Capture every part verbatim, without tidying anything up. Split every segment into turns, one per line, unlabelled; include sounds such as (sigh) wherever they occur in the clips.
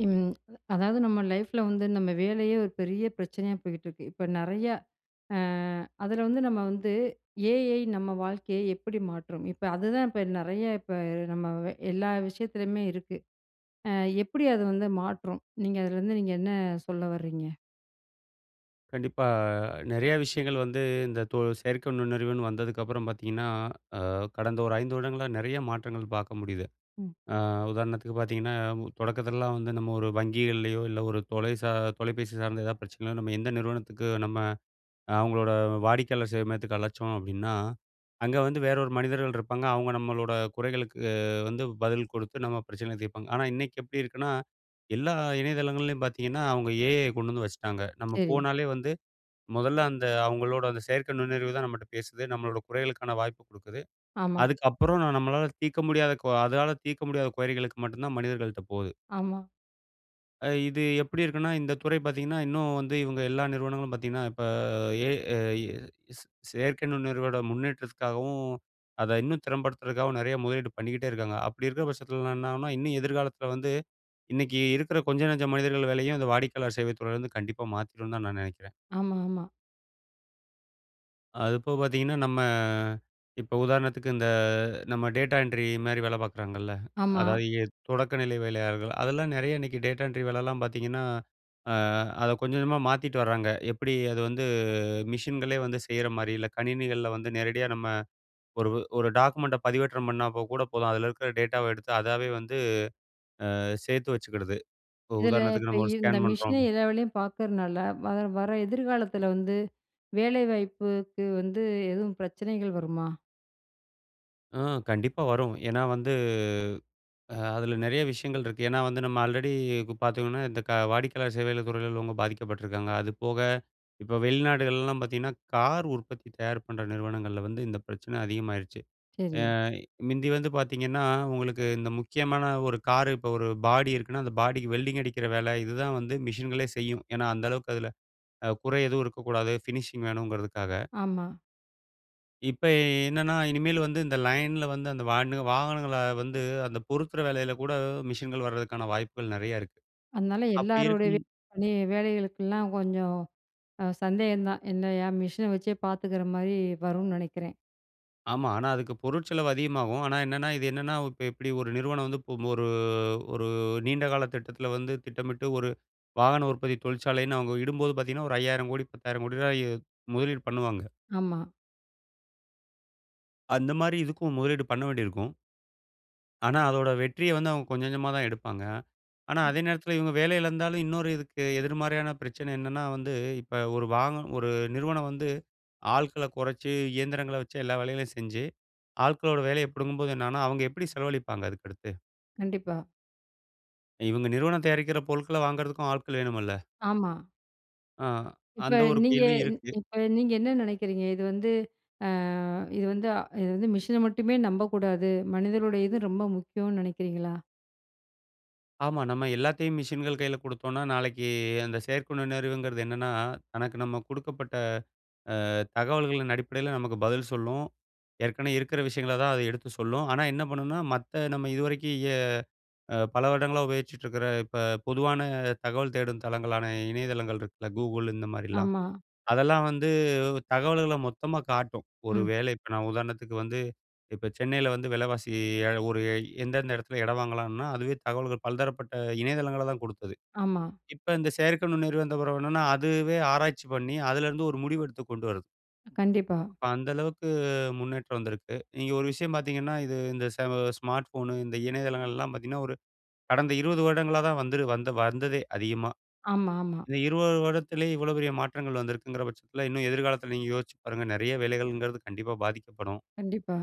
ம். அதாவது, நம்ம லைஃப்ல வந்து நம்ம வேலையே ஒரு பெரிய பிரச்சனையா போய்கிட்டு இருக்கு. இப்ப நெறையா அ அதுல வந்து நம்ம வந்து ஏ. ஐ. நம்ம வாழ்க்கையை எப்படி மாற்றும்? இப்ப அதுதான் இப்ப நெறைய இப்ப நம்ம எல்லா விஷயத்துலயுமே இருக்கு. அ எப்படி அது வந்து மாற்றும்? நீங்க அதுலேருந்து நீங்க என்ன சொல்ல வர்றீங்க?
கண்டிப்பா. நெறைய விஷயங்கள் வந்து இந்த தொ செயற்கை நுண்ணறிவுன்னு வந்ததுக்கப்பறம் பார்த்தீங்கன்னா, அ கடந்த ஒரு ஐந்து வருடங்களா நெறைய மாற்றங்கள் பார்க்க முடியுது.
ம்.
அ உதாரணத்துக்கு பார்த்தீங்கன்னா, தொடக்கதுலெல்லாம் வந்து நம்ம ஒரு வங்கிகள்லயோ, இல்ல ஒரு தொலை சா தொலைபேசி சார்ந்த எதாவது பிரச்சனையினா, நம்ம எந்த நிறுவனத்துக்கு நம்ம அவுங்களோட வாடிக்கையாளர் சேவை மையத்துக்கு அழச்சோம் அப்பிடின்னா, அங்க வந்து வேற ஒரு மனிதர்கள் இருப்பாங்க. அவுங்க நம்மளோட குறைகளுக்கு அ வந்து பதில் கொடுத்து, நம்ம பிரச்சனைகள தீர்ப்பாங்க. ஆனா, இன்னைக்கி எப்படி இருக்குன்னா, எல்லா இணையதளங்கள்லேயும் பார்த்தீங்கன்னா, அவங்க ஏ. ஐ. அ கொண்டு வந்து வச்சுட்டாங்க. நம்ம
சரி.
போனாலே வந்து மொதல்ல, அந்த அவுங்களோட அந்த செயற்கை நுண்ணறிவுதான் நம்மட்ட பேசுது. நம்மளோட குறைகளுக்கான வாய்ப்பு குடுக்குது.
ஆமா.
அதுக்கப்பறம் நம்மளால தீர்க்க முடியாத கொ அதால தீர்க்க முடியாத குறைகளுக்கு மட்டுந்தான் மனிதர்கள்ட்ட போகுது.
ஆமா.
அ இது எப்படி இருக்குன்னா இந்த துறை பார்த்தீங்கன்னா இன்னும் வந்து இவுங்க எல்லா நிறுவனங்களும் பார்த்தீங்கன்னா, இப்ப ஏ. ஐ. ஸ் ஸ் செயற்கை நுண்ணறிவோட முன்னேற்றத்துக்காகவும், அத இன்னும் திறம்படுத்துறதுக்காகவும், நெறைய முதலீடு பண்ணிக்கிட்டே இருக்காங்க. அப்படி இருக்க பட்சத்துலலாம் என்னாகும்ன்னா, இன்னும் எதிர்காலத்தில வந்து, இன்னைக்கி இருக்கிற கொஞ்ச நஞ்ச மனிதர்கள் வேலையும், அந்த வாடிக்கையாளர் சேவைத் துறையிலேருந்து கண்டிப்பா மாத்திருந்தான் நான் நெனைக்கிறேன்.
ஆமா, ஆமா.
அதுபோக பார்த்தீங்கன்னா, நம்ம இப்ப உதாரணத்துக்கு இந்த நம்ம டேட்டா என்ட்ரி மாரி வேல பார்க்குறாங்கல்ல.
ஆமா.
அதாவது எ தொடக்க நிலை வேலையாளர்கள் அதெல்லாம் நெறையா இன்னைக்கி டேட்டா என்ட்ரி வேலலாம் பார்த்தீங்கன்னா, அ அத கொஞ்சம் கொஞ்சமா மாத்திட்டு வராங்க. எப்படி அது வந்து மிஷின்களே வந்து செய்றமாரி. இல்ல, கணினிகள்ல வந்து நேரடியா நம்ம ஒரு ஒரு டாக்குமெண்ட்ட பதிவேற்றம் பண்ணாப்போகூட போதும். அதில இருக்கிற டேட்டாவ எடுத்து அதாவே வந்து அ சேர்த்து வச்சிக்கிடுது. இப்போ
இதில
உதாரணத்துக்கு
இப்ப
நம்ம ஒரு
இந்த
ஸ்கேன் பண்ணுறோம்
மிஷினே எல்லா வேலையும் பார்க்கறனால, வர வர எதிர்காலத்தில வந்து வேலைவாய்ப்புக்கு வந்து எதுவும் பிரச்சனைகள் வருமா?
ம். கண்டிப்பா வரும். ஏன்னா வந்து, அ அதில நெறைய விஷயங்கள் இருக்கு. ஏன்னா, வந்து நம்ம ஆல்ரெடி இப்ப பார்த்தீங்கன்னா, இந்த க வாடிக்கையாளர் சேவைகள் துறையில உள்ளவுங்க பாதிக்கப்பட்டுருக்காங்க. அது போக இப்ப வெளிநாடுகள்லல்லாம் பார்த்தீங்கன்னா, கார் உற்பத்தி தயார் பண்ற நிறுவனங்கள்ல வந்து இந்த பிரச்சனை அதிகமாயிருச்சு. அ
சரி.
மிந்தி வந்து பார்த்தீங்கன்னா, உங்களுக்கு இந்த முக்கியமான ஒரு கார் இப்போ ஒரு பாடி இருக்குன்னா, அந்த பாடிக்கு வெல்டிங் அடிக்கிற வேல இதுதான் வந்து மிஷின்களே செய்யும். ஏன்னா, அந்த அளவுக்கு அதில அ குறை எதுவும் இருக்கக்கூடாது ஃபினிஷிங் வேணுங்கிறதுக்காக.
ஆமா.
இப்ப எ என்னன்னா, இனிமேல் வந்து இந்த லைன்ல வந்து அந்த வான்னு வாகனங்கள வந்து அந்த பொருத்துற வேலையில கூட மிஷின்கள் வர்றதற்கான வாய்ப்புகள் நெறைய இருக்கு.
அதனால
அப்படி
எல்லாருடைய
இருக்கும்
(unintelligible) வேலைகளுக்கெல்லாம் கொஞ்சம் அ சந்தேகந்தான். என்னயா மிஷின வச்சே பார்த்துக்கிற மாரி வரும்னு நெனைக்கிறேன்.
ஆமா. ஆனா அதுக்கு பொருட்செலவு அதிகமாகும். ஆனா என்னன்னா இது என்னன்னா இப்ப எப்படி ஒரு நிறுவனம் வந்து பு ஒரு, ஒரு நீண்ட கால திட்டத்தில வந்து திட்டமிட்டு ஒரு வாகன உற்பத்தி தொழிற்சாலைன்னு அவங்க இடும்போது பாத்தீங்கன்னா ஒரு ஐயாயிரம் கோடி, பத்தாயிரம் கோடி ரூபாய் முதலீடு பண்ணுவாங்க.
ஆமா.
அந்த மாரி, இதுக்கும் முதலீடு பண்ண வேண்டியிருக்கும். ஆனா அதோட வெற்றிய வந்து அவங்க கொஞ்சம், கொஞ்சமா தான் எடுப்பாங்க. ஆனா, அதே
ம்
நேரத்தில இவங்க வேலை இழந்தாலும், இன்னொரு இதுக்கு எதிர்மாறியான பிரச்சனை என்னன்னா வந்து, இப்ப ஒரு வாக ஒரு நிறுவனம் வந்து ஆள்க்கள கொறைச்சு இயந்திரங்கள வச்சு எல்லா வேலைகளையும் செஞ்சு, ஆள்க்களோட வேலைய பிடுங்கும்போது என்னாகும்ன்னா, அவங்க எப்படி செலவழிப்பாங்க அதுக்கு அடுத்து?
கண்டிப்பா.
இவங்க நிறுவனம் தயாரிக்கிற பொருட்கள வாங்குறதுக்கும் ஆட்கள் வேணுமல்ல.
ஆமா.
ஆ.
இப்ப
அந்த ஒரு
நீங்க
கேள்வியும் இருக்கு.
இப்ப நீங்க என்ன நெனைக்கிறீங்க? இது வந்து அ இது வந்து அ இது வந்து மிஷின மட்டுமே நம்பக்கூடாது. மனிதருடையது ரொம்ப முக்கியம்ன்னு நெனைக்கிறீங்களா?
ஆமா. நம்ம எல்லாத்தையும் மிஷின்கள் கையில குடுத்தோன்னா, நாளைக்கு அந்த செயற்கை நுண்ணறிவுங்கிறது என்னன்னா, தனக்கு நம்ம குடுக்கப்பட்ட அ தகவல்களின் அடிப்படையில நமக்கு பதில் சொல்லும். ஏற்கனவே இருக்கிற விஷயங்கள தான் அது எடுத்து சொல்லும். ஆனா, என்ன பண்ணுனா மத்த நம்ம இது வரைக்கும் எ அ பல வருடங்களா உபயோகிச்சிட்டு இருக்கிற இப்ப பொதுவான தகவல் தேடும் தளங்களான இணையதளங்கள் இருக்குல்ல. Google இந்த மாரிலாம்,
ஆமா.
அதெல்லாம் வந்து தகவல்கள மொத்தமா காட்டும். ஒரு
ம்.
வேளை இப்ப நான் உதாரணத்துக்கு வந்து இப்ப சென்னையில வந்து விலவாசி ஏக ஒரு எந்தெந்த இடத்தில இடம் வாங்கலான்னா, அதுவே தகவல்கள் பல்தரப்பட்ட இணையதளங்கள தான் குடுத்தது.
ஆமா.
இப்ப இந்த செயற்கை நுண்ணறிவு வந்த பிறகு என்னன்னா, அதுவே ஆராய்ச்சி பண்ணி அதிலேருந்து ஒரு முடிவு எடுத்து கொண்டு வருது.
கண்டிப்பா.
அப்ப அந்த அளவுக்கு முன்னேற்றம் வந்திருக்கு. நீங்க ஒரு விஷயம் பார்த்தீங்கன்னா, இது இந்த செம ஸ்மார்ட ஃபோன், இந்த இணையதளங்கள்லாம் பார்த்தீங்கன்னா, ஒரு கடந்த இருபது வருடங்களா தான் வந்துரு வந்ததே அதிகமா.
ஆமா, ஆமா.
இந்த இருபது வருடத்திலே இவ்வளவு பெரிய மாற்றங்கள் வந்திருக்கிங்கிற பட்சத்தில இன்னும் எதிர்காலத்தில நீங்க யோசிச்சு பாருங்க நெறைய வேலைகள்ங்கிறது கண்டிப்பா பாதிக்கப்படும்.
கண்டிப்பா.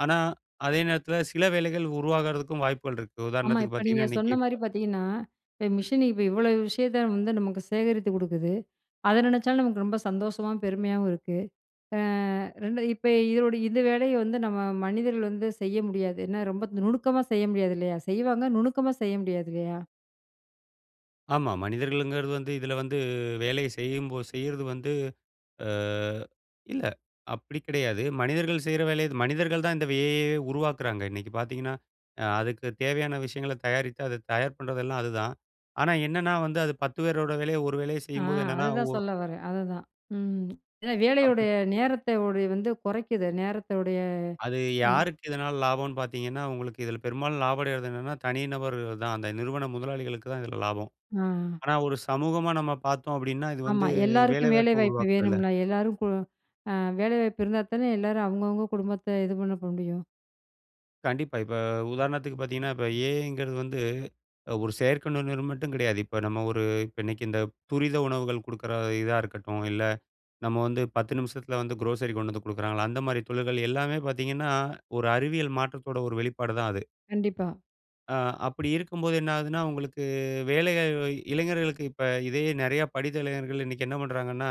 ஆனா, அதே நேரத்துல சில வேலைகள் உருவாகுறதுக்கும் வாய்ப்புகள் இருக்கு.
ஆமா.
உதாரணத்துக்கு
இப்ப நீங்க
பார்த்தீங்கன்னா, இன்னைக்கி
சொன்னமாரி பார்த்தீங்கன்னா, இப்ப மிஷினு இப்ப இவ்ளோ விஷயத்த வந்து நமக்கு சேகரித்து குடுக்குது. அத நினைச்சாலும் நமக்கு ரொம்ப சந்தோஷமாவும், பெருமையாவும் இருக்கு. அ ரெண்டு இப்ப இதனுடைய இந்த வேலைய வந்து நம்ம மனிதர்கள் வந்து செய்ய முடியாது. ஏன்னா, ரொம்ப நுணுக்கமா செய்ய முடியாது இல்லயா! செய்வாங்க, நுணுக்கமா செய்ய முடியாது இல்லயா!
ஆமா. மனிதர்கள்ங்கிறது வந்து இதில வந்து வேலைய செய்யும்போ செய்யறது வந்து அ இல்ல. அப்படி கிடையாது, மனிதர்கள் செய்ற வேலைய மனிதர்கள் தான் இந்த ஏ ஐ யயே உருவாக்குறாங்க. இன்னைக்கு பார்த்தீங்கன்னா, அ அதுக்கு தேவையான விஷயங்கள தயாரித்து, அதை தயார் பண்ணுறதெல்லாம் அதுதான். ஆனா என்னன்னா வந்து அது பத்து பேரோட வேலைய ஒரு வேலைய
ஆ.
செய்யும்போது, என்னென்னா? ஒ
அதுதான் சொல்ல வரேன், அதுதான். ம். ஏன்னா,
அப்படி.
வேலையுடைய நேரத்தை உடைய வந்து குறைக்கிது. நேரத்தயுடைய
அது
ஆமா.
யாருக்கு இதனால லாபம்ன்னு பார்த்தீங்கன்னா, உங்களுக்கு இதில பெரும்பாலும் லாபம் அடைறது என்னன்னா, தனி நபரு தான். அந்த நிறுவன முதலாளிகளுக்கு தான் இதில லாபம்.
ஆ.
ஆனா, ஒரு சமூகமா நம்ம பார்த்தோம் அப்படின்னா, இது
ஆமா.
வந்து வேலை
எல்லாருக்கும் வேலை
வாய்ப்பை
வாய்ப்பு
உருவாக்குதுல்ல.
வேணும்ல. எல்லாரும் போ ஆ வேலை வாய்ப்பு இருந்தா தானே எல்லாரும் அவங்கவங்க குடும்பத்த இது பண்ண போ முடியும்.
கண்டிப்பா. இப்போ உதாரணத்துக்கு பார்த்தீங்கன்னா, இப்போ ஏ ஐ ங்கிறது வந்து, ஒரு செயற்கை நுண்ணறிவு மட்டும் கிடையாது. இப்போ நம்ம ஒரு இப்போ இன்னைக்கு இந்த துரித உணவுகள் குடுக்கிற இதா இருக்கட்டும். இல்ல நம்ம வந்து பத்து நிமிசத்துல வந்து குரோசரி கொண்டு வந்து கொடுக்குறாங்களா, அந்த மாதிரி தொழில்கள் எல்லாமே பார்த்தீங்கன்னா, ஒரு அறிவியல் மாற்றத்தோட ஒரு வெளிப்பாடு தான் அது.
கண்டிப்பா.
ஆ. அப்படி இருக்கும்போது என்ன ஆகுதுனா, உங்களுக்கு வேலைகள இளைஞர்களுக்கு, இப்ப இதே நிறைய படித்த இளைஞர்கள் இன்னைக்கு என்ன பண்ணுறாங்கன்னா,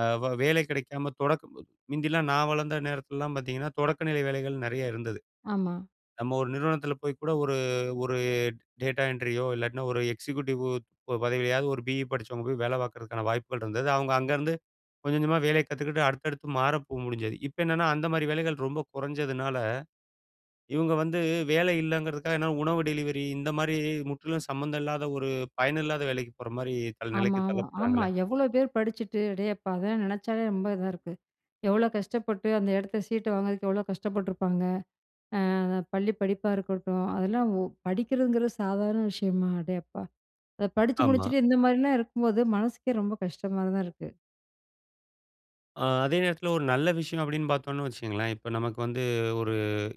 அ வே வேலை கிடைக்காம தொடக்க (unintelligible) முந்தி எல்லாம் நான் வளர்ந்த நேரத்தில எல்லாம் பார்த்தீங்கன்னா, தொடக்க நிலை வேலைகள் நெறைய இருந்தது.
ஆமா.
நம்ம ஒரு நிறுவனத்தில போய் கூட ஒரு ஒரு டேட்டா என்ட்ரி யோ இல்லாட்டின்னா ஒரு எக்ஸிக்யூட்டிவ் பதவியாவது, ஒரு பியி படிச்சவங்க போய் வேல பார்ப்பதற்கான வாய்ப்புகள் இருந்தது. அவங்க அங்க இருந்து கொஞ்சம் கொஞ்சமா வேலைய கத்துக்கிட்டு அடுத்தடுத்து மாற போ முடிஞ்சது. இப்ப என்னான்னா, அந்த மாதிரி வேலைகள் ரொம்ப கொறஞ்சதுனால, இவங்க வந்து வேலை இல்லங்கறக்காக என்ன உணவு டெலிவரி இந்த மாதிரி முற்றிலும் சம்மந்தம் இல்லாத, ஒரு பயன் இல்லாத வேலைக்கு போற மாரி தள்ள நிலைக்கு
ஆமாமா, ஆமா.
தள்ளப்படுறாங்களே.
எவ்ளோ பேர் படிச்சுட்டு அடேயப்பா! அதெல்லாம் நினைச்சாலே ரொம்ப இதா இருக்கு. எவ்ளோ கஷ்டப்பட்டு அந்த இடத்த சீட்ட வாங்குறதுக்கு எவ்ளோ கஷ்டப்பட்டுருப்பாங்க? அ அந்த பள்ளி படிப்பா இருக்கட்டும். அதெல்லாம் ஓ படிக்கிறதுங்கிறது சாதாரண விஷயமா? அடேயப்பா! அத படிச்சு
ஆமா.
முடிச்சுட்டு இந்த மாதிரிலாம் இருக்கும்போது மனசுக்கே ரொம்ப கஷ்டமா தான் இருக்கு.
அ அதே நேரத்தில ஒரு நல்ல விஷயம் அப்படின்னு பார்த்தோம்னு வச்சுக்கங்களேன், இப்ப நமக்கு வந்து ஒரு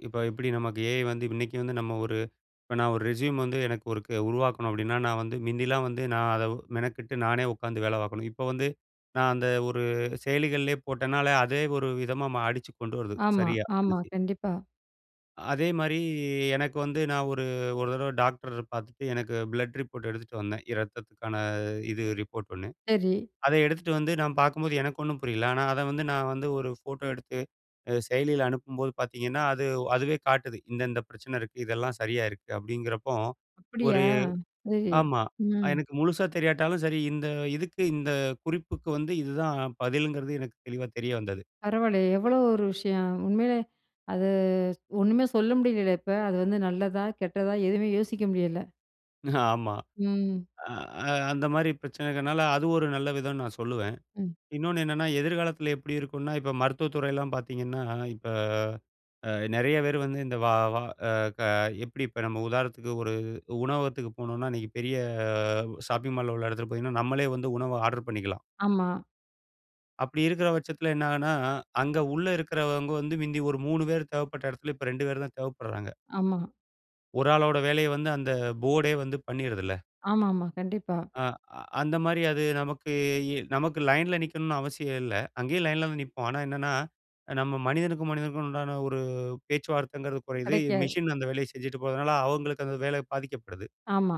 இப்ப எப்படி நமக்கு ஏ ஐ வந்து இன்னைக்கு வந்து நம்ம ஒரு இப்ப நான் ஒரு ரெஸ்யூம் வந்து எனக்கு ஒருக்கு உருவாக்கணும் அப்படின்னா, நான் வந்து மிந்திலாம் வந்து நான் அதை மெனக்கட்டு நானே உட்காந்து வேலை பார்க்கணும். இப்ப வந்து நான் அந்த ஒரு செயலிகள்லே போட்டேனாலே, அதே ஒரு விதமா மா அடிச்சுக் கொண்டு வருது
ஆமா,
சரியா
ஆமா.
ரெஸ்யூம்.
கண்டிப்பா.
அதே மாரி எனக்கு வந்து நான் ஒரு ஒரு தடவை டாக்டரு பார்த்துட்டு எனக்கு பிளட் ரிப்போர்ட் எடுத்துட்டு வந்தேன். இரத்தத்துக்கான இது ரிப்போர்ட் ஒண்ணு.
சரி.
அத எடுத்துட்டு வந்து நான் பார்க்கும்போது எனக்கு ஒண்ணும் புரியல. ஆனா அதை வந்து, நான் வந்து ஒரு ஃபோட்டோ எடுத்து அ செயலியில அனுப்பும்போது பார்த்தீங்கன்னா, அது அதுவே காட்டுது, இந்த இந்த பிரச்சனை இருக்கு. இதெல்லாம் சரியா இருக்கு. அப்படிங்கிறப்போ
அப்படியா!
ஒரு
சரி.
ஆமா. அ
ம்.
எனக்கு முழுசா தெரியாட்டாலும் சரி இந்த இதுக்கு இந்த குறிப்புக்கு வந்து இதுதான் பதிலுங்கிறது எனக்கு தெளிவா தெரிய வந்தது.
பரவால்லையே எவ்ளோ ஒரு விஷயம். உண்மையிலே அது ஒண்ணுமே சொல்ல முடியலலே இப்ப, அது வந்து நல்லதா? கெட்டதா? எதுவுமே யோசிக்க முடியல.
ஆமா.
ம்.
அ அந்த மாரி பிரச்சனை இருக்கனால அது ஒரு நல்ல விதம்னு நான் சொல்லுவேன்.
ம்.
இன்னொன்னு என்னன்னா, எதிர்காலத்தில எப்படி இருக்கும்னா, இப்ப மருத்துவத் துறையலாம் பார்த்தீங்கன்னா, இப்ப அ நெறைய பேர் வந்து இந்த வா வா அ க எப்படி இப்ப நம்ம உதாரணத்துக்கு ஒரு உணவகத்துக்கு போனோம்னா, அன்னைக்கு பெரிய உ ஷாப்பிங் மால்ல உள்ள இடத்துக்கு போனீங்கன்னா நம்மளே வந்து உணவ ஆர்டர் பண்ணிக்கலாம்.
ஆமா.
அப்படி இருக்குற வட்சத்தில என்ன ஆகும்ன்னா, அங்க உள்ள இருக்கறவங்க வந்து, மிந்தி ஒரு மூணு பேரு தேவைப்பட்ட எடத்துல, இப்ப ரெண்டு பேரு தான் தேவைப்படுறாங்க.
ஆமா.
ஒரு ஆளோட வேலைய வந்து, அந்த போர்டே வந்து பண்ணிருதுல்ல.
ஆமா, ஆமா. கண்டிப்பா.
ஆ அந்த மாரி அது நமக்கு இ நமக்கு லைன்ல நிக்கணும்னு அவசியம் இல்ல. அங்கேயும் லைன்ல தான் நிப்போம். ஆனா என்னன்னா, நம்ம மனிதனுக்கும், மனிதனுக்கும் உண்டான ஒரு பேச்சுவார்த்தைங்கிறது கொறையுது.
கெடைக்காது.
மெஷின் அந்த வேலைய செஞ்சுட்டு போறதுனால, அவங்களுக்கு அந்த வேலை பாதிக்கப்படுது.
ஆமா.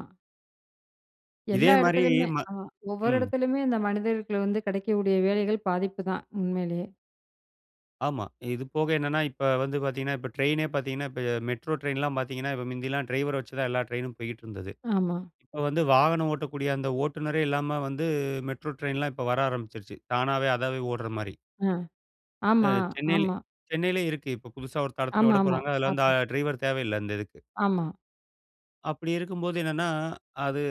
இதே
எல்லா
மாரி
எடத்துலயுமே.
ம
அ ஒவ்வொரு
ம்.
எடத்துலயுமே இந்த மனிதர்கள்க்குள்ள வந்து கெடைக்கக்கூடிய வேலைகள் பாதிப்புதான், உண்மையிலேயே.
ஆமா. இது போக என்னன்னா இப்ப வந்து பாத்தீங்கன்னா, இப்ப ட்ரெய்னே பாத்தீங்கன்னா, இப்ப மெட்ரோ ட்ரெயின்லாம் பாத்தீங்கன்னா, இப்ப மிந்தியெல்லாம் டிரைவர வச்சு தான் எல்லா ட்ரெயினும் போய்க்கிட்டுருந்தது.
ஆமா.
இப்ப வந்து வாகனம் ஓட்டக்கூடிய அந்த ஓட்டுனரே இல்லாம வந்து மெட்ரோ ட்ரெயின்லாம் இப்ப வர ஆரம்பிச்சிருச்சு.தானாவே அதாவே ஓடுற மாரி.
அ.
அ
ஆமா,
சென்னையில
ஆமா.
சென்னையிலேயே இருக்கு. இப்ப புதுசா ஒரு தடத்துல
ஆமா, ஆமா.
விடப்போறாங்க. அதுல அந்த
பாத்துருக்கேன்.
ட்ரைவர் தேவையில்ல, அந்த இதுக்கு.
ஆமா.
அப்படி இருக்கும்போது என்னன்னா, அது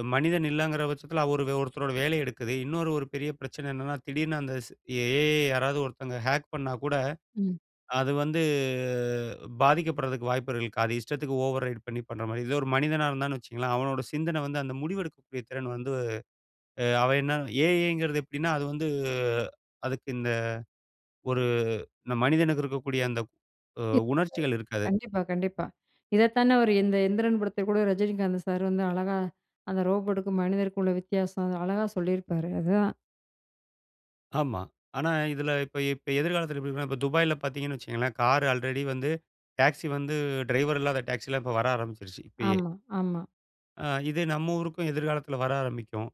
அ மனிதன் இல்லைங்கிற பட்சத்தில ஒரு ஒருத்தரோட வேலைய எடுக்குது. இன்னொரு ஒரு பெரிய பிரச்சனை என்னன்னா, திடீர்னு அந்த ஸ் ஏ. ஐ. ய யாராவது ஒருத்தங்க ஹேக் பண்ணா கூட,
ம்.
அது வந்து பாதிக்கப்படுறதுக்கு வாய்ப்புகள் இருக்கு. அது இஷ்டத்துக்கு ஓவர் ரைட் பண்ணி பண்ற மாரி. இதே ஒரு மனிதனா இருந்தான்னு வச்சுக்குங்களேன், அவனோட சிந்தனை வந்து அந்த முடிவெடுக்கக்கூடிய திறன் வந்து அவன் என்ன ஏ. ஐ. ங்கிறது எப்படின்னா, அது வந்து அதுக்கு இந்த ஒரு இந்த மனிதனுக்கு இருக்கக்கூடிய அந்த உ
(unintelligible)
உணர்ச்சிகள் இருக்காது.
கண்டிப்பா, கண்டிப்பா. இதத்தான அவரு எந்தரன் எந்திரன் படத்துல கூட ரஜினிகாந்து சார் வந்து அழகா, அந்த ரோபோட்டுக்கும் மனிதருக்கும் உள்ள வித்தியாசம். அது அழகா சொல்லியிருப்பாரு. அதுதான்
ஆமா. ஆனா இதில இப்ப இப்ப எதிர்காலத்தில எப்பிடி இருக்குன்னா, இப்ப துபாய்ல பார்த்தீங்கன்னு வச்சிக்கங்களேன். கார் ஆல்ரெடி வந்து டாக்ஸி வந்து டிரைவர் இல்லாத டாக்சில்லாம் இப்ப வர ஆரம்பிச்சிருச்சு இப்பயே.
ஆமா, ஆமா.
அ இது நம்ம ஊருக்கும் எதிர்காலத்தில வர ஆரம்பிக்கும்.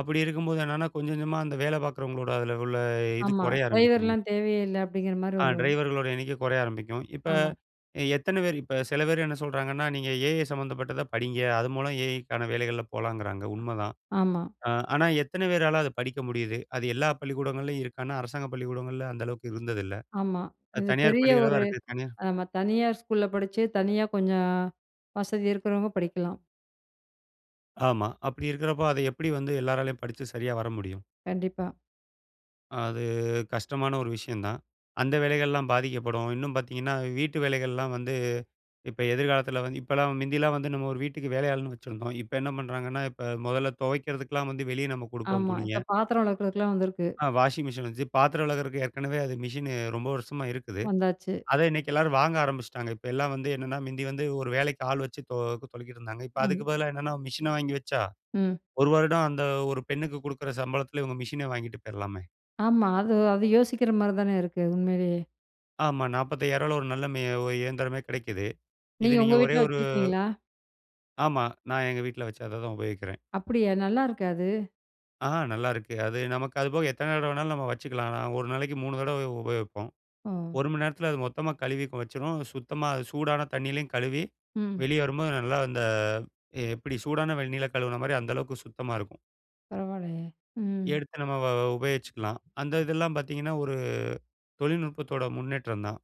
அப்பிடி இருக்கும்போது என்னென்னா கொஞ்சம் கொஞ்சமா அந்த வேல பார்க்கிறவங்களோட அதில உள்ள இது
ஆமா.
குறைய ஆரம்பிக்கும்.
டிரைவர்லாம் தேவையே இல்ல. அப்பிடிங்கிறமாரி
அ
வரும்.
டிரைவர்களோட எண்ணிக்க குறைய ஆரம்பிக்கும். இப்ப
ஆமா.
அ எத்தன பேரு இப்ப சில பேரு என்ன சொல்கறாங்கன்னா, நீங்க ஏஐ சம்மந்தப்பட்டத படிங்க. அது மூலம் ஏஐக்கான வேலைகள்ல போலங்குறாங்க உண்மதான்.
ஆமா.
அ ஆனா, எத்தன பேரால அத படிக்க முடியுது? அது எல்லா பள்ளிக்கூடங்கள்லேயும் இருக்கான்னா, அரசாங்க பள்ளிக்கூடங்கள்ல அந்த அளவுக்கு இருந்ததில்ல.
ஆமா.
அது
இது
தனியார்
பெரிய
பள்ளிகளா தான்
ஒரு
இருக்கு. தனியார்
ஆமா. தனியார் ஸ்கூல்ல படிச்சு, தனியா கொஞ்சம் வசதி இருக்கிறவங்க படிக்கலாம்.
ஆமா. அப்பிடி இருக்கிறப்ப அத எப்பிடி வந்து எல்லராலையும் படிச்சு சரியா வர முடியும்?
கண்டிப்பா.
அது கஷ்டமான ஒரு விஷயந்தான். அந்த வேலைகள்லாம் பாதிக்கப்படும். இன்னும் பார்த்தீங்கன்னா, வீட்டு வேலைகள்லாம் வந்து இப்ப எதிர்காலத்தில வந்து இப்பலாம் முந்தில்லாம் வந்து நம்ம ஒரு வீட்டுக்கு வேலையாள்ன்னு வச்சிருந்தோம். இப்ப என்ன பண்ணுறாங்கன்னா, இப்ப முதல்ல துவைக்கிறதுக்குலாம் வந்து வெளியே நம்ம கொடுப்போம்
ஆமா.
துணிய.
இப்ப பாத்திரம் விலக்குறக்குலாம் வந்திருக்கு.
ஆ வாஷிங்மிஷின் வந்துச்சு. பாத்திரம் விலக்குறதுக்கு ஏற்கனவே அது மிஷினு ரொம்ப வருஷமா இருக்குது.
வந்தாச்சு.
அத இன்னக்கி எல்லாரும் வாங்க ஆரம்பிச்சுட்டாங்க. இப்ப எல்லாம் வந்து என்னென்னா, மிந்தி வந்து ஒரு வேலைக்கு ஆள்வச்சு தொ தொலக்கிட்டு இருந்தாங்க. இப்ப
ஆமா.
அதுக்கு பதிலா என்னென்ன மிஷின வாங்கி வச்சா,
ம்.
ஒரு வருடம் அந்த ஒரு பெண்ணுக்கு குடுக்குற சம்பளத்தில இவுங்க மிஷினே வாங்கிட்டு போயிர்லாமே.
ஆமா. அது அது யோசிக்கிற மாரி தான இருக்கு. அது உண்மையிலேயே.
ஆமா. நாற்பத்தய்யாரூவால யில ஒரு நல்ல மெ ஒ இயந்திரமே கிடைக்கிது. இது
நீங்க
நீங்க
உங்க
ஒரே
வீட்ல
ஒரு
வச்சிருக்கீங்களா?
ஆமா. நான் எங்க வீட்ல வச்சு அத தான் உபயோகிக்கிறேன்.
அப்படியா! நல்லா இருக்கா அது?
ஆ நல்லாயிருக்கு. அது நமக்கு அது போக எத்தனை தடவ வேணாலும், நம்ம வச்சுக்கலாம். ஒரு நாளைக்கி மூணு தடவ உ உபயோகிப்போம்.
ஓ!
ஒரு மணி நேரத்தில அது மொத்தமா கழுவி கொ வச்சுரும். சுத்தமா அது சூடான தண்ணியிலயும் கழுவி,
ம்.
வெளிய வரும்போது நல்லா அந்த எப்படி சூடான வெந்நீர்ல கழுவுனமாரி அந்த அளவுக்கு சுத்தமா இருக்கும்.
பரவால்லையே! ம்.
எடுத்து நம்ம வ வ உபயோகிச்சிக்கலாம். அந்த இதெல்லாம் பார்த்தீங்கன்னா, ஒரு தொழில்நுட்பத்தோட முன்னேற்றந்தான்.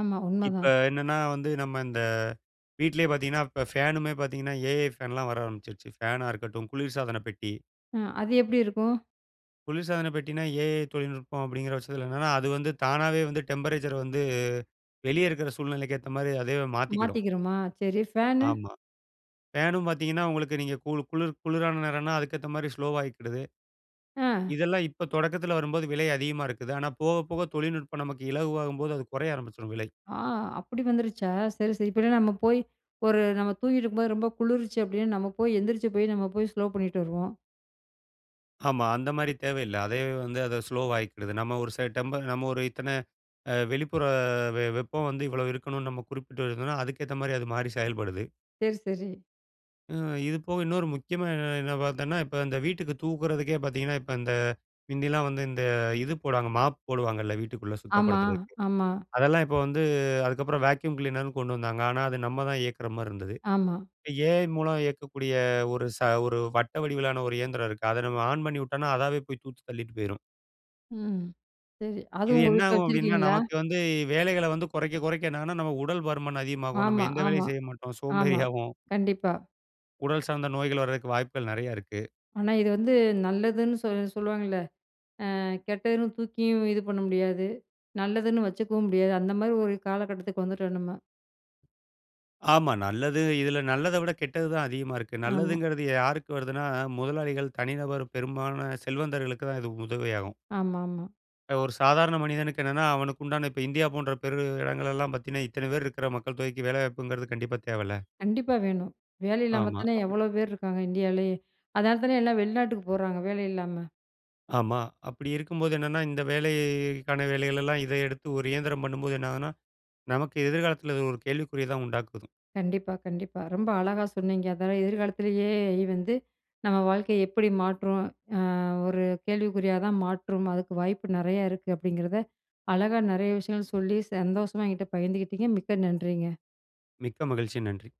ஆமா.
இப்ப
உண்மதான்.
என்னன்னா, வந்து நம்ம இந்த வீட்லயே பார்த்தீங்கன்னா, இப்ப ஃபேனுமே பார்த்தீங்கன்னா, ஏ. ஐ. ஃபேன்லாம் வர ஆரம்பிச்சிருச்சு. ஃபேனா இருக்கட்டும், குளிர்சாதனப்பெட்டி.
அ அது எப்படி இருக்கும்?
குளிர்சாதன பெட்டின்னா, ஏ. ஐ. தொழில்நுட்பம் அப்பிடிங்கிற பட்சத்தில என்னன்னா, அது வந்து தானாவே வந்து டெம்பரேச்சர வந்து, வெளிய இருக்கிற சூழ்நிலைக்கு ஏத்தமாரி அதுவே மாத்திக்கிடும்.
மாத்திக்கிருமா? சரி, ஃபேனு?
ஆமா. ஃபேனும் பார்த்தீங்கன்னா, உங்களுக்கு நீங்க கூளு குளிர் குளிரான நேரன்னா, அதுக்கேத்தமாரி ஸ்லோவா ஆகிக்கிடுது.
அ.
இதெல்லாம் இப்ப தொடக்கத்தில வரும்போது, விலை அதிகமா இருக்குது. ஆனா, போக போக தொழில்நுட்பம் நமக்கு இலகுவாகும்போது, அது கொறைய ஆரம்பிச்சிரும் விலை.
ஆ! அப்படி வந்துருச்சா! சரி, சரி. இப்பல்லாம் நம்ம போய் ஒரு நம்ம தூங்கிட்டு இருக்கும்போது ரொம்ப குளிருச்சு அப்படீன்னா நம்ம போய், எந்திரிச்சு போய் நம்ம போய் ஸ்லோ பண்ணீட்டு வருவோம்.
ஆமா. அந்த மாரி தேவையில்ல. அதே வந்து அத ஸ்லோ ஆவிக்கிடுது. நம்ம ஒரு ச டெம்ப நம்ம ஒரு இத்தனை அ வெளிப்புற வெ வெப்பம் வந்து இவ்வளோ இருக்கணும்னு நம்ம குறிப்பிட்டு இருந்தோம்ன்னா, அதுக்கு ஏத்த மாரி அது மாறி செயல்படுது.
சரி, சரி.
ம். இது போக இன்னொரு முக்கியமா என்ன என்ன பார்த்தோன்னா, இப்ப இந்த வீட்டுக்கு தூக்குறதுக்கே பார்த்தீங்கன்னா, இப்ப இந்த மிந்தில்லாம் வந்து இந்த இது போடுவாங்க. மாப் போடுவாங்கல்ல வீட்டுக்குள்ள
ஆமா.
சுத்தப்படுத்துறதுக்கு.
ஆமா.
அதெல்லாம் இப்ப வந்து, அதுக்கப்பறம் வேக்யூஅம் க்ளீனருன்னு கொண்டு வந்தாங்க. ஆனா அது நம்ம தான் இயக்குற மாரி இருந்தது.
ஆமா.
ஏ. ஐ. மூலம் இயக்கக்கூடிய ஒரு ச ஒரு வட்ட வடிவிலான ஒரு இயந்திரம் இருக்கு. அதை நம்ம ஆன் பண்ணிவுட்டோனா, அதாவே போய் தூத்தி தள்ளிட்டு போயிரும்.
ம். சரி. அது
இது
உங்க
என்ன
வீட்ல
ஆகும் அப்படின்னா,
வச்சிருக்கீங்களா?
நமக்கு வந்து வேலைகள வந்து குறைக்க குறைக்க என்ன ஆகும்னா, நம்ம உடல் பருமன் அதிகமாகும். நம்ம
ஆமா,
எந்த
ஆமா,
வேலையும் செய்ய மாட்டோம்.
ஆமா.
சோம்பேறியாவோம்.
கண்டிப்பா.
உடல் சார்ந்த நோய்கள் வர்றதுக்கு வாய்ப்புகள் நெறைய இருக்கு.
ஆனா இது வந்து நல்லதுன்னு, சொல் சொல்லுவாங்கல்ல, அ கெட்டதுன்னு தூக்கியும் இது பண்ண முடியாது. நல்லதுன்னு வச்சுக்கவும் முடியாது. அந்த மாரி ஒரு காலகட்டத்துக்கு வந்துட்டோம் நம்ம.
ஆமா நல்லது. இதில நல்லதை விட கெட்டது தான் அதிகமா இருக்கு.
ஆமா.
நல்லதுங்கிறது யாருக்கு வருதுன்னா முதலாளிகள், தனிநபர், பெரும்பாலான செல்வந்தர்களுக்கு தான் இது உதவியாகும்.
ஆமாமா.
ஒரு சாதாரண மனிதனுக்கு என்னன்னா, அவனுக்கு உண்டான இப்ப இந்தியா போன்ற பெரு இடங்கள் எல்லாம் பார்த்தீங்கன்னா, இத்தனை பேர் இருக்கிற மக்கள் தொகைக்கு வேலை வாய்ப்புங்கிறது கண்டிப்பா தேவைல்ல.
கண்டிப்பா வேணும். வேலை இல்லாம
ஆமா.
தானே
அப்படி.
எவ்வளோ பேர் இருக்காங்க இன்டியாலேயே. அதலா தானே எல்லாம் வெளிநாட்டுக்கு போறாங்க வேலை இல்லாம.
ஆமா. அப்படி இருக்கும்போது என்னன்னா இந்த வேலைக்கான வேலைகள் எல்லாம் இதை எடுத்து ஒரு இயந்திரம் பண்ணும்போது என்ன ஆகும்ன்னா, நமக்கு எதிர்காலத்தில இது ஒரு கேள்விக்குறிய தான் உண்டாக்குது.
கண்டிப்பா, கண்டிப்பா. ரொம்ப அழகா சொன்னீங்க. அதாவது எதிர்காலத்திலேயே எஐ வந்து நம்ம வாழ்க்கையை எப்படி மாற்றும். அ ஒரு கேள்விக்குறியா தான் மாற்றும். அதுக்கு வாய்ப்பு நெறையா இருக்கு. அப்படிங்கிறத அழகா நெறைய விஷயங்கள் சொல்லி சந்தோஷமா என்கிட்ட பகிர்ந்துகிட்டீங்க. மிக்க நன்றிங்க.
மிக்க மகிழ்ச்சி. நன்றி.